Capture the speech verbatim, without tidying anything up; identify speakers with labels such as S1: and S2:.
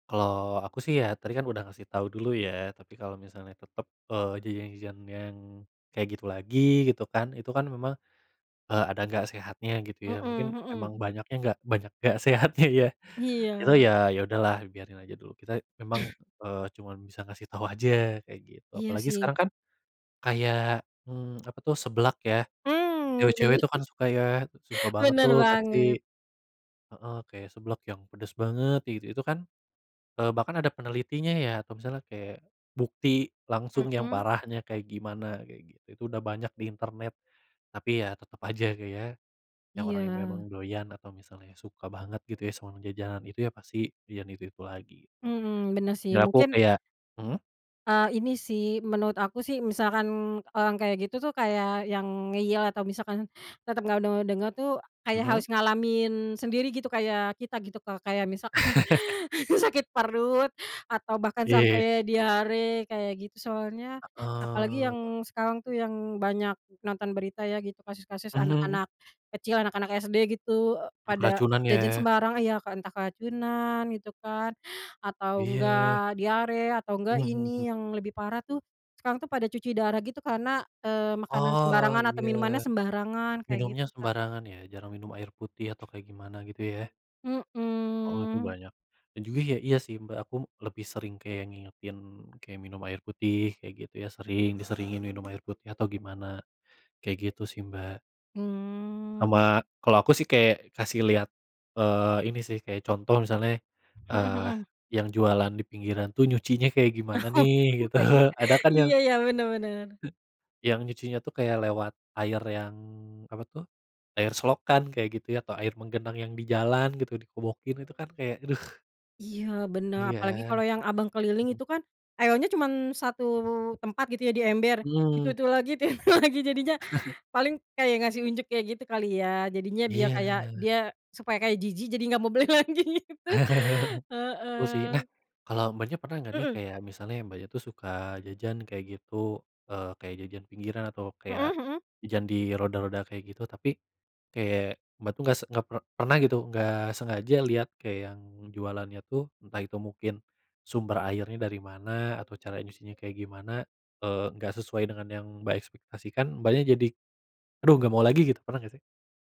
S1: Kalau aku, sih, ya, tadi, kan, udah ngasih tahu dulu, ya, tapi kalau misalnya tetap, eee, jajan-jajan yang kayak gitu lagi, gitu, kan, itu, kan, memang, eee, ada nggak sehatnya, gitu, ya,
S2: Mhm,
S1: mungkin emang
S2: mhm.
S1: banyaknya nggak banyak nggak sehatnya, ya. Itu,
S2: Iya.
S1: ya, ya udah, lah, biarin aja dulu. Kita emang, eee, cuman bisa ngasih tau aja, kayak gitu.
S2: Iya,
S1: Apalagi
S2: sih.
S1: sekarang kan kayak, mmm, apa tuh, seblak ya.
S2: Mmm,
S1: Cewek-cewek
S2: benar.
S1: tuh kan suka ya, suka banget,
S2: Benar
S1: tuh,
S2: banget.
S1: pasti. Heeh, kayak seblak yang pedas banget itu itu, kan, eee, bahkan ada penelitinya, ya, atau misalnya kayak bukti langsung yang
S2: Mhm.
S1: parahnya kayak gimana, kayak gitu. Itu udah banyak di internet, tapi, ya, tetap aja, Kak, ya, yang orang yang
S2: Iya.
S1: memang doyan atau misalnya suka banget, gitu, ya, sama jajanan itu, ya, pasti jajan itu-itu lagi, gitu.
S2: Mhm, benar, sih,
S1: Ya, aku
S2: mungkin
S1: kayak mhm?
S2: Eee, ini, sih, menurut aku, sih, misalkan orang kayak gitu, tuh, kayak yang ngeyel atau misalkan tetap nggak de dengar, tuh, kayak
S1: Mhm.
S2: harus ngalamin sendiri, gitu, Kak, kayak kita, gitu, kayak misalkan, sakit perut atau bahkan
S1: Iya.
S2: sampai diare, kayak gitu, soalnya apalagi
S1: Heeh.
S2: yang sekarang, tuh, yang banyak nonton berita, ya, gitu, kasus-kasus
S1: Mhm.
S2: anak-anak kecil, anak-anak SD, gitu,
S1: Mmm,
S2: pada
S1: keracunan,
S2: jajan
S1: ya.
S2: sembarang, ya, kan, entah keracunan, gitu, kan, atau
S1: Iya.
S2: enggak diare, atau enggak
S1: Mhm, mmm.
S2: ini yang lebih parah, tuh, sekarang, tuh, pada cuci darah, gitu, karena, eee, makanan
S1: Oh,
S2: sembarangan atau
S1: iya.
S2: minumannya sembarangan, kayak
S1: Minumnya
S2: gitu, Kak.
S1: sembarangan, ya, jarang minum air putih atau kayak gimana gitu, ya. Oh, itu
S2: Mhm.
S1: banyak, Iya juga, ya, iya, sih, Mbak, aku lebih sering kayak ngingetin kayak minum air putih, kayak gitu, ya, sering, diseringin minum air putih atau gimana, kayak gitu, sih, Mbak.
S2: Mmm.
S1: Sama kalau aku, sih, kayak kasih lihat, eee, ini, sih, kayak contoh misalnya,
S2: Mhm
S1: eee,
S2: mhm.
S1: yang jualan di pinggiran, tuh, nyucinya kayak gimana,
S2: Oh,
S1: nih, gitu.
S2: iya,
S1: Ada, kan, yang
S2: iya iya, benar benar.
S1: he yang nyucinya, tuh, kayak lewat air yang apa, tuh, air selokan, kayak gitu, ya, atau air menggenang yang di jalan, gitu, dikobokin, itu, kan, kayak aduh.
S2: Iya, benar, apalagi
S1: Iya.
S2: kalau yang abang keliling
S1: Mmm.
S2: itu, kan, airnya cuman satu tempat, gitu, ya, di ember,
S1: Mmm.
S2: itu-itu lagi, itu lagi, jadinya paling kayak ngasih unjuk, kayak gitu kali, ya, jadinya biar kayak
S1: Iya.
S2: dia supaya kayak jijik, jadi nggak mau beli lagi itu.
S1: Betul, sih. Nah,
S2: Heeh.
S1: kalau Mbaknya pernah nggak, nih,
S2: Mhm.
S1: kayak misalnya Mbaknya, tuh, suka jajan, kayak gitu, eee, kayak jajan pinggiran atau
S2: Mhm
S1: kayak
S2: mhm.
S1: jajan di roda-roda kayak gitu, tapi kayak Mbak, tuh, nggak se nggak per pernah, gitu, nggak sengaja lihat kayak yang jualannya, tuh, entah itu mungkin sumber airnya dari mana, atau caranya nyucinya kayak gimana, eee, nggak sesuai dengan yang Mbak ekspektasikan, Mbaknya jadi, "Aduh nggak mau lagi." Gitu, pernah nggak, sih?